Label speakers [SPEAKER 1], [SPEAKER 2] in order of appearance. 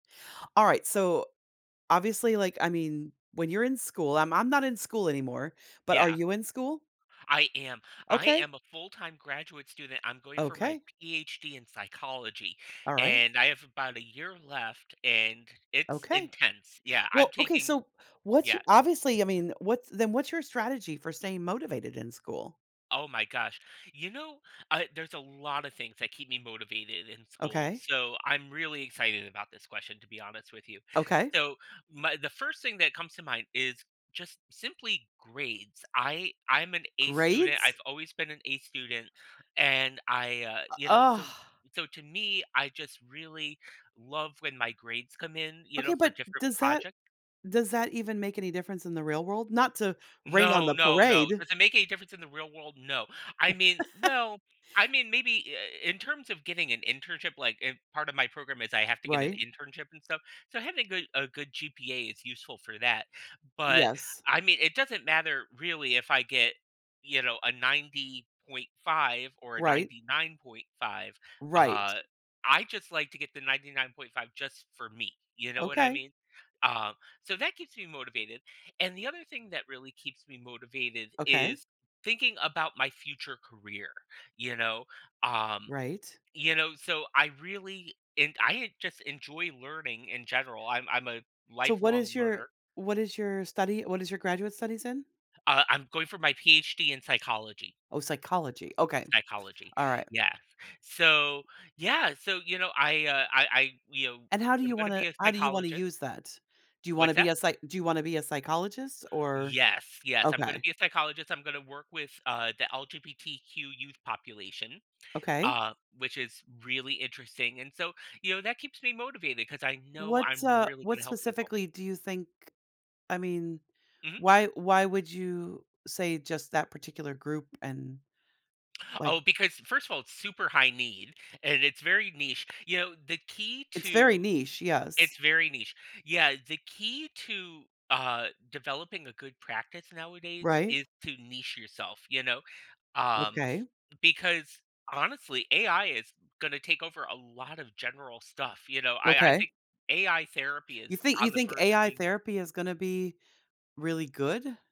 [SPEAKER 1] Alright, so, obviously, like, I mean, when you're in school I'm I'm not in school anymore, but are
[SPEAKER 2] Yeah.
[SPEAKER 1] you in school?
[SPEAKER 2] I am, I
[SPEAKER 1] Okay.
[SPEAKER 2] am a full-time graduate student. I'm going for my
[SPEAKER 1] Okay.
[SPEAKER 2] PhD in psychology,
[SPEAKER 1] Alright.
[SPEAKER 2] and I have about a year left, and it's
[SPEAKER 1] Okay.
[SPEAKER 2] intense. Yeah, I'm
[SPEAKER 1] Well okay,
[SPEAKER 2] taking
[SPEAKER 1] so what's y
[SPEAKER 2] Yeah.
[SPEAKER 1] obviously, I mean, what's then what's your strategy for staying motivated in school?
[SPEAKER 2] Oh my gosh. You know, uh, there's a lotta things that keep me motivated in school.
[SPEAKER 1] Okay.
[SPEAKER 2] So I'm really excited about this question to be honest with you.
[SPEAKER 1] Okay.
[SPEAKER 2] So m the first thing that comes to mind is just simply grades. I I'm an A student. I've
[SPEAKER 1] Grades?
[SPEAKER 2] always been an A student, and I, uh,
[SPEAKER 1] U
[SPEAKER 2] you know,
[SPEAKER 1] ugh.
[SPEAKER 2] so so to me, I just really love when my grades come in, you
[SPEAKER 1] Okay,
[SPEAKER 2] know, for
[SPEAKER 1] but
[SPEAKER 2] different
[SPEAKER 1] does that
[SPEAKER 2] projec
[SPEAKER 1] does that even make any difference in the real world? Not to rain on
[SPEAKER 2] No,
[SPEAKER 1] the
[SPEAKER 2] no, no.
[SPEAKER 1] parade.
[SPEAKER 2] Does it make any difference in the real world? No, I mean, well, I mean, maybe i i in terms of getting an internship, like, in part of my program is I have to get an
[SPEAKER 1] Right?
[SPEAKER 2] internship and stuff. So having good a good GPA is useful for that, but
[SPEAKER 1] Yes.
[SPEAKER 2] I mean, it doesn't matter really if I get, you know, a 90.5 or a
[SPEAKER 1] Right.
[SPEAKER 2] 99.5,
[SPEAKER 1] Right.
[SPEAKER 2] uh, I just like to get the 99.5 just for me. You know what I
[SPEAKER 1] Okay.
[SPEAKER 2] mean? Uh, so that keeps me motivated, and the other thing that really keeps me motivated
[SPEAKER 1] Okay.
[SPEAKER 2] is thinking about my future career, you know, um,
[SPEAKER 1] Right.
[SPEAKER 2] you know? So I really and I just enjoy learning in general. I'm I'm a
[SPEAKER 1] So what
[SPEAKER 2] lifelong
[SPEAKER 1] is your
[SPEAKER 2] learner.
[SPEAKER 1] what is your study; what is your graduate studies in?
[SPEAKER 2] Uh, I'm going for my PhD in psychology.
[SPEAKER 1] Oh, psychology. Okay,
[SPEAKER 2] Psychology,
[SPEAKER 1] alright.
[SPEAKER 2] yes. So, yeah, so, you know, I, uh, I I you know,
[SPEAKER 1] And how do
[SPEAKER 2] I'm
[SPEAKER 1] you
[SPEAKER 2] gonna
[SPEAKER 1] wanna
[SPEAKER 2] be a
[SPEAKER 1] how do you wanna
[SPEAKER 2] psychologist.
[SPEAKER 1] use that? Do you wanna
[SPEAKER 2] What's
[SPEAKER 1] be
[SPEAKER 2] that?
[SPEAKER 1] a psych do you wanna be a psychologist? Or
[SPEAKER 2] Yes, yes, I'm gonna
[SPEAKER 1] Okay.
[SPEAKER 2] be a psychologist. I'm gonna work with the LGBTQ youth population,
[SPEAKER 1] Okay.
[SPEAKER 2] uh, which is really interesting, and so, you know, that keeps me motivated 'cause I know
[SPEAKER 1] What,
[SPEAKER 2] I'm
[SPEAKER 1] uh,
[SPEAKER 2] really
[SPEAKER 1] what
[SPEAKER 2] gonna help people.
[SPEAKER 1] specifically do you think, I mean,
[SPEAKER 2] Mhm.
[SPEAKER 1] why why would you say just that particular group and, like
[SPEAKER 2] Oh, because first of all, it's super high need and it's very niche. You know, the key
[SPEAKER 1] It's very
[SPEAKER 2] to
[SPEAKER 1] niche, yes.
[SPEAKER 2] It's very niche. Yeah, the key to, uh, developing a good practice nowadays
[SPEAKER 1] Right?
[SPEAKER 2] is to niche yourself, you know, um,
[SPEAKER 1] Okay.
[SPEAKER 2] because honestly, AI is gonna take over a lot of general stuff, you know? I I
[SPEAKER 1] Okay.
[SPEAKER 2] think AI therapy
[SPEAKER 1] You
[SPEAKER 2] is
[SPEAKER 1] thi you
[SPEAKER 2] on the
[SPEAKER 1] think
[SPEAKER 2] verge of
[SPEAKER 1] AI
[SPEAKER 2] being here.
[SPEAKER 1] therapy is gonna be really good?